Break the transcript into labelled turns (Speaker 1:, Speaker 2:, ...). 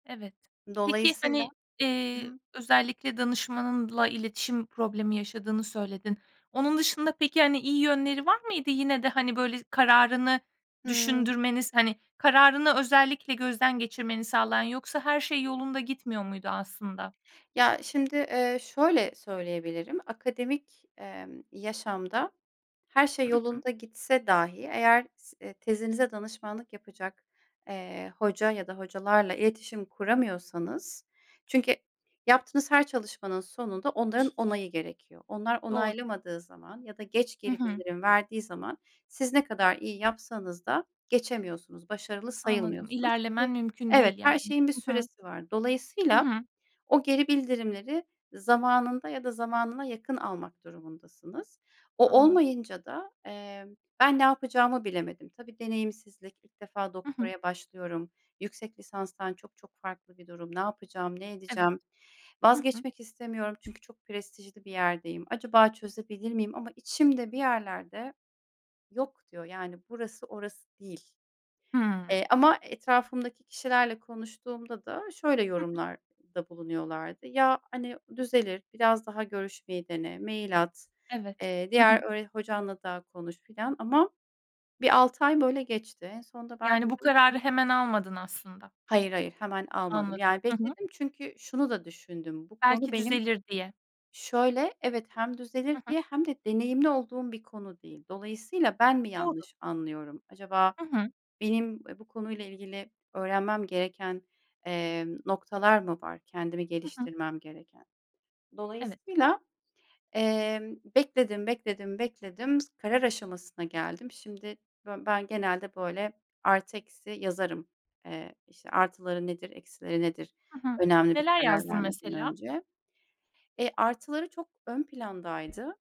Speaker 1: Evet. Peki,
Speaker 2: Dolayısıyla
Speaker 1: hani,
Speaker 2: Hı
Speaker 1: eee,
Speaker 2: hı.
Speaker 1: özellikle danışmanınla iletişim problemi yaşadığını söyledin. Onun dışında, peki, hani, iyi yönleri var mıydı? Yine de, hani, böyle, kararını
Speaker 2: Hıı.
Speaker 1: düşündürmeniz, hani, kararını özellikle gözden geçirmeni sağlayan, yoksa her şey yolunda gitmiyor muydu aslında?
Speaker 2: Ya, şimdi, eee, şöyle söyleyebilirim akademik, emm, yaşamda her şey
Speaker 1: Hı hı.
Speaker 2: yolunda gitse dahi eğer s eee, tezinize danışmanlık yapacak, eee, hoca ya da hocalarla iletişim kuramıyorsanız Çünkü yaptığınız her çalışmanın sonunda onların onayı gerekiyor. Onlar
Speaker 1: Doğru.
Speaker 2: onaylamadığı zaman ya da geç
Speaker 1: Hı
Speaker 2: geri
Speaker 1: hı.
Speaker 2: bildirim verdiği zaman, siz ne kadar iyi yapsanız da geçemiyorsunuz, başarılı
Speaker 1: Anladım,
Speaker 2: sayılmıyorsunuz.
Speaker 1: ilerlemen
Speaker 2: [unintelligible]
Speaker 1: mümkün
Speaker 2: Evet,
Speaker 1: değil yani.
Speaker 2: her şeyin bir
Speaker 1: Hı hı.
Speaker 2: süresi var.
Speaker 1: Hı
Speaker 2: Dolayısıyla,
Speaker 1: hı.
Speaker 2: o geri bildirimleri zamanında ya da zamanına yakın almak durumundasınız. O
Speaker 1: Anladım.
Speaker 2: olmayınca da, eee, ben ne yapacağımı bilemedim. Tabii deneyimsizlik, ilk defa
Speaker 1: Hı hı.
Speaker 2: doktoraya başlıyorum, yüksek lisanstan çok çok farklı bir durum. Ne yapacağım, ne
Speaker 1: Evet.
Speaker 2: edeceğim?
Speaker 1: Hı hı.
Speaker 2: Vazgeçmek istemiyorum, çünkü çok prestijli bir yerdeyim. Acaba çözebilir miyim? Ama içimde bir yerler de, "Yok" diyor, yani, "Burası, orası değil"
Speaker 1: Hıı.
Speaker 2: Eee, ama etrafımdaki kişilerle konuştuğumda da şöyle
Speaker 1: Hı hı.
Speaker 2: yorumlarda bulunuyorlard:; "Ya, hani, düzelir. Biraz daha görüşmeyi dene. Mail at.
Speaker 1: Evet.
Speaker 2: Eee,
Speaker 1: Hı
Speaker 2: diğer
Speaker 1: hı.
Speaker 2: öğre hocanla da konuş" filan ama bir 6 ay böyle geçti. En sonunda ben
Speaker 1: Yani, bu
Speaker 2: dedim
Speaker 1: kararı
Speaker 2: ki
Speaker 1: hemen almadın aslında.
Speaker 2: Hayır hayır. Hemen almadım.
Speaker 1: Anladım.
Speaker 2: Yani,
Speaker 1: Hı hı.
Speaker 2: bekledim çünkü şunu da düşündüm. Bu konu
Speaker 1: Belki
Speaker 2: benim
Speaker 1: düzelir diye.
Speaker 2: Şöyle, evet hem düzelir
Speaker 1: Hı hı.
Speaker 2: diye hem de deneyimli olduğum bir konu değil. Dolayısıyla, ben mi
Speaker 1: Doğru.
Speaker 2: yanlış anlıyorum? Acaba
Speaker 1: Hı hı.
Speaker 2: benim, eee, bu konuyla ilgili öğrenmem gereken, emm, noktalar mı var, kendimi
Speaker 1: Hı hı.
Speaker 2: geliştirmem gereken?
Speaker 1: Evet.
Speaker 2: Dolayısıyla, eee, bekledim, bekledim, bekledim, s karar aşamasına geldim. Şimdi bö ben genelde, böyle, artı eksi yazarım. Eee, işte, artıları nedir, eksileri nedir?
Speaker 1: Hı hı.
Speaker 2: Önemli bir
Speaker 1: Neler
Speaker 2: karar
Speaker 1: yazdın
Speaker 2: vermeden
Speaker 1: mesela?
Speaker 2: önce. Eee, artıları çok ön plandaydı.